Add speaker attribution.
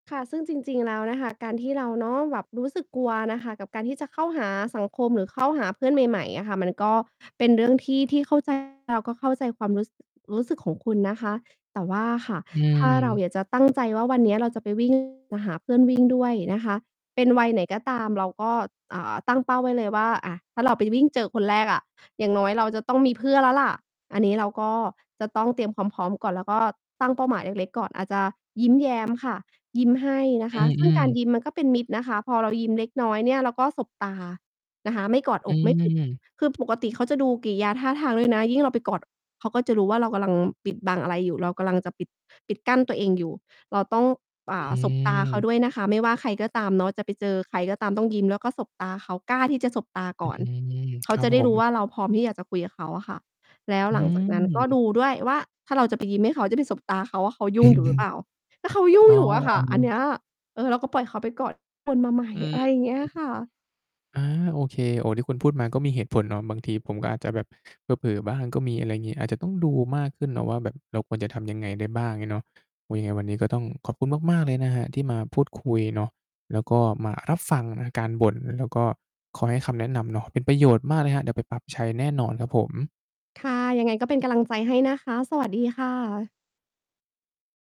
Speaker 1: ค่ะ ซึ่งจริง ๆ แล้วนะคะ การที่เราเนาะ แบบรู้สึกกลัวนะคะ กับการที่จะเข้าหาสังคมหรือเข้าหาเพื่อนใหม่ ๆ อะค่ะ มันก็เป็นเรื่องที่ ที่เข้า ใจ เราก็เข้าใจความรู้สึก รู้สึกของคุณนะคะ แต่ว่าค่ะ
Speaker 2: อื
Speaker 1: ถ้าเรา
Speaker 2: ม
Speaker 1: อยากจะตั้งใจว่าวันนี้เราจะไป วิ่ง มาหาเพื่อนวิ่งด้วยนะคะ เป็นวัยไหนก็ตามเราก็ อ่า ตั้งเป้าไว้เลยว่า อ่า ถ้าเราไปวิ่งเจอคนแรกอะ อย่างน้อยเราจะต้องมีเพื่อนแล้วล่ะ อันนี้เราก็จะ ต้องเตรียมความพร้อมก่อนแล้วก็ตั้งเป้าหมายเล็ก ๆ ก่อน อาจจะยิ้มแย้มค่ะ ยิ้มให้นะ
Speaker 2: อ
Speaker 1: ค
Speaker 2: ื
Speaker 1: ะ ซึ่งก
Speaker 2: อ
Speaker 1: าร
Speaker 2: ๆ
Speaker 1: ยิ้มมันก็เป็นมิตรนะคะ พอเรายิ้มเล็กน้อยเนี่ยเราก็สบตานะคะ ไม่กอด
Speaker 2: อ
Speaker 1: อ
Speaker 2: ื
Speaker 1: กไม่ ปิด
Speaker 2: ม
Speaker 1: คือ ปกติเขาจะดูกิริยาท่าทางด้วยนะ ยิ่งเราไปกอด เขาก็จะรู้ว่าเรากำลังปิดบังอะไรอยู่ เรากำลังจะปิด ปิดกั้นตัวเองอยู่ เราต้อง อ
Speaker 2: อ
Speaker 1: ่
Speaker 2: ื
Speaker 1: า สบตาเขา
Speaker 2: ม
Speaker 1: ด้วยนะคะ ไม่ว่าใครก็ตามเนาะ จะไปเจอใครก็ตามต้องยิ้มแล้วก็สบตาเขา กล้าที่จะสบตาก
Speaker 2: อ อื
Speaker 1: ่อน
Speaker 2: ม
Speaker 1: เข
Speaker 2: ค
Speaker 1: า
Speaker 2: รั
Speaker 1: จ
Speaker 2: บ
Speaker 1: ะได
Speaker 2: ผ
Speaker 1: ้รู้
Speaker 2: ม
Speaker 1: ว่าเราพร้อมที่อยากจะคุยกับเขาอะค่ะ แล้ว
Speaker 2: อื
Speaker 1: หลังจากนั้นก็ด
Speaker 2: ม
Speaker 1: ูด้วยว่าถ้าเราจะไปยิ้มให้เขาจะไปสบตาเขาอะ เขาย
Speaker 2: อ
Speaker 1: ุ
Speaker 2: ื
Speaker 1: ่งอยู่หรื
Speaker 2: ม
Speaker 1: อเปล่า แล้วเขาย
Speaker 2: ๆ
Speaker 1: ุ
Speaker 2: อ
Speaker 1: ่
Speaker 2: ๋
Speaker 1: ง
Speaker 2: อ
Speaker 1: อยู่อะค่ะ อันเนี้ย เออ เราก็ปล่อยเขาไปกอดคนมาใหม่
Speaker 2: อื
Speaker 1: อ
Speaker 2: ม
Speaker 1: ะไรอย่างเงี้
Speaker 2: อื
Speaker 1: ย
Speaker 2: อ
Speaker 1: ค่ะ
Speaker 2: อา โอเค โอ้ ที่คุณพูดมาก็มีเหตุผลเนาะ บางทีผมก็อาจจะแบบเผลอ ๆ บ้างก็มี อะไรอย่างนี้ อาจจะต้องดูมากขึ้นเนาะว่าแบบเราควรจะทำยังไงได้บ้างเนาะ ยังไงวันนี้ก็ต้องขอบคุณมาก ๆ เลยนะครับที่มาพูดคุยเนาะ แล้วก็มารับฟังการบ่น แล้วก็คอยให้คำแนะนำเนาะ เป็นประโยชน์มากเลยครับ เดี๋ยวไปปรับใช้แน่นอนครับผม
Speaker 1: ค่ะ ยังไงก็เป็นกำลังใจให้นะคะ สวัส ดีค่ะ